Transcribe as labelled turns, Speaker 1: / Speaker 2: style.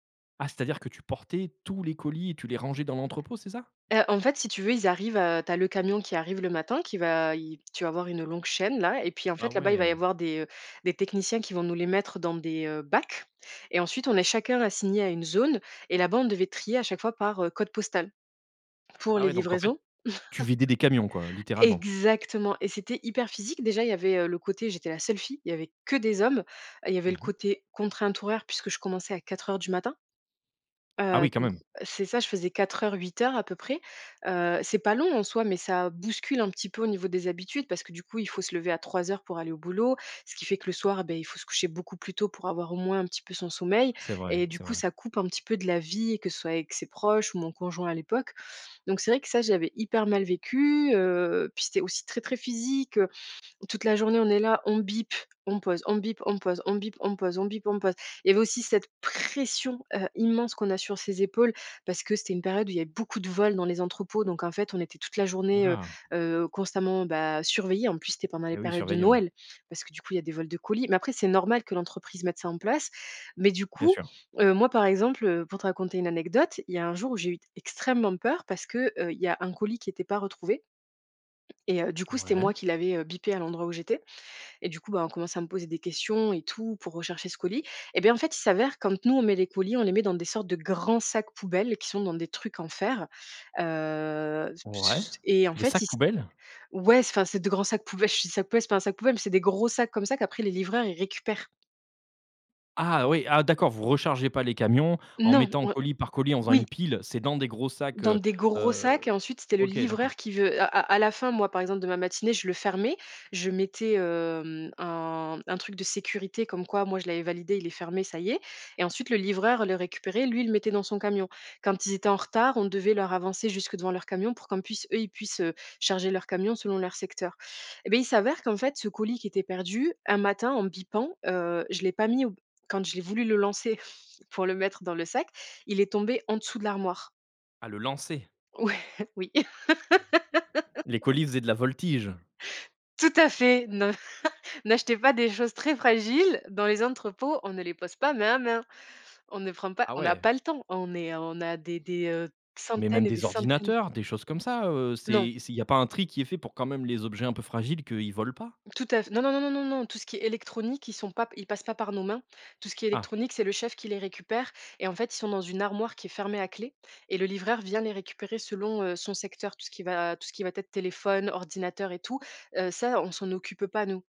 Speaker 1: Ah c'est-à-dire que tu portais tous les colis et tu les rangeais dans l'entrepôt, c'est ça?
Speaker 2: Heu, en fait, si tu veux, ils arrivent, heu, tu as le camion qui arrive le matin qui va i tu vas avoir une longue chaîne, là et puis, en
Speaker 1: Ah
Speaker 2: fait, là-bas, il va y
Speaker 1: ouais!
Speaker 2: avoir des, heu, des techniciens qui vont nous les mettre dans des, heu, bacs et ensuite, on est chacun assigné à une zone et là-bas, on devait trier à chaque fois par, heu, code postal pour
Speaker 1: Ah
Speaker 2: les
Speaker 1: ouais, donc, en fait,
Speaker 2: livraisons.
Speaker 1: tu vidais des camions, quoi, littéralement.
Speaker 2: Exactement et c'était hyper physique. Déjà, il y avait, heu, le côté, j'étais la seule fille, il y avait que des hommes. Il y avait
Speaker 1: Mmh
Speaker 2: le
Speaker 1: mh.
Speaker 2: côté contrainte horaire puisque je commençais à 4:00 du matin.
Speaker 1: Ah
Speaker 2: Heu,
Speaker 1: oui, quand
Speaker 2: donc,
Speaker 1: même.
Speaker 2: c'est ça, je faisais 4:00-8:00 à peu près. Heu, c'est pas long en soi, mais ça bouscule un petit peu au niveau des habitudes. Parce que, du coup, il faut se lever à 3:00 pour aller au boulot. Ce qui fait que le soir, beh, il faut se coucher beaucoup plus tôt pour avoir au moins un petit peu son sommeil
Speaker 1: C'est vrai,
Speaker 2: et du
Speaker 1: c'est
Speaker 2: coup,
Speaker 1: vrai.
Speaker 2: ça coupe un petit peu de la vie que ce soit avec ses proches ou mon conjoint à l'époque, donc, c'est vrai que, ça, j'avais hyper mal vécu, heu, puis, c'était aussi très, très physique, heu, toute la journée, on est là, on bip, on pose, on bip, on pose, on bip, on pose, on bip, on pose. Il y avait aussi cette pression, heu, immense qu'on a sur ses épaules parce que c'était une période où il avait beaucoup de vols dans les entrepôts, donc, en fait, on était toute la journée, heu
Speaker 1: Houla.
Speaker 2: heu, constamment, bah, surveillés. En plus, c'était pendant les
Speaker 1: Et oui, ils
Speaker 2: périodes de
Speaker 1: surveillaient, ouais.
Speaker 2: Noël parce que, du coup, il y a des vols de colis, mais, après c'est normal que l'entreprise mette ça en place, mais, du
Speaker 1: Bien
Speaker 2: coup,
Speaker 1: sûr.
Speaker 2: heu, moi, par exemple, heu, pour te raconter une anecdote, il y a un jour où j'ai eu extrêmement peur parce que, heu, il y a un colis qui était pas retrouvé et heu, du coup, c'était
Speaker 1: Ouais.
Speaker 2: moi qui l'avais, heu, bipé à l'endroit où j'étais et du coup, bah, on commençait à me poser des questions et tout pour rechercher ce colis et bien, en fait, il s'avère quand nous on met les colis, on les met dans des sortes de grands sacs poubelles qui sont dans des trucs en fer, heu, p se
Speaker 1: Ouais,
Speaker 2: j u et en
Speaker 1: des
Speaker 2: fait il
Speaker 1: sacs
Speaker 2: c
Speaker 1: poubelles?
Speaker 2: ouais s enfin, c'est de grands sacs poube [unintelligible] c'est pas un sac poubelle, c'est des gros sacs, comme ça, qu'après les livreurs, ils récupèrent.
Speaker 1: Ah oui. Ah d'accord. Vous rechargez pas les camions en
Speaker 2: Non,
Speaker 1: mettant
Speaker 2: o
Speaker 1: colis par colis en faisant
Speaker 2: oui.
Speaker 1: une pile. C'est dans des gros sacs,
Speaker 2: Dans
Speaker 1: heu
Speaker 2: des gros
Speaker 1: heu,
Speaker 2: sacs et ensuite, c'était le
Speaker 1: OK,
Speaker 2: livreur
Speaker 1: d'accord.
Speaker 2: qui veut à à la fin, moi, par exemple de ma matinée, je le fermais. Je mettais, heu, mmh, un un truc de sécurité comme quoi, moi, je l'avais validé. Il est fermé, ça y est et ensuite, le livreur le récupérait, lui, il le mettait dans son camion. Quand ils étaient en retard, on devait leur avancer jusque devant leur camion pour qu'en puisse eux, ils puissent, heu, charger leur camion selon leur secteur et beh, il s'avère qu'en fait, ce colis qui était perdu un matin en bippant, heu, je l'ai pas mis au b quand je l'ai voulu le lancer pour le mettre dans le sac, il est tombé en dessous de l'armoire.
Speaker 1: À le lancer.
Speaker 2: Ouais, oui.
Speaker 1: Les colis faisaient de la voltige.
Speaker 2: Tout à fait. Ne n'achetez pas des choses très fragiles dans les entrepôts. On ne les pose pas, main à main. On ne prend pas,
Speaker 1: Ah
Speaker 2: on a
Speaker 1: ouais.
Speaker 2: pas le temps. On est, on a des des, heu,
Speaker 1: Mais même
Speaker 2: centaines et des
Speaker 1: des
Speaker 2: centaines d
Speaker 1: ordinateurs, des choses comme ça, heu,
Speaker 2: Non.
Speaker 1: c'est c'est il y pas un tri qui est fait pour quand même les objets un peu fragiles qu'ils volent pas?
Speaker 2: Tout à f non, non, non, non, non. Tout ce qui est électronique, ils sont pap ils passent pas par nos mains. Tout ce qui est
Speaker 1: Ah.
Speaker 2: électronique, c'est le chef qui les récupère et en fait, ils sont dans une armoire qui est fermée à clé et le livreur vient les récupérer selon, heu, son secteur. Tout ce qui va tout ce qui va t être téléphone, ordinateur et tout, heu, ça on s'en occupe pas nous.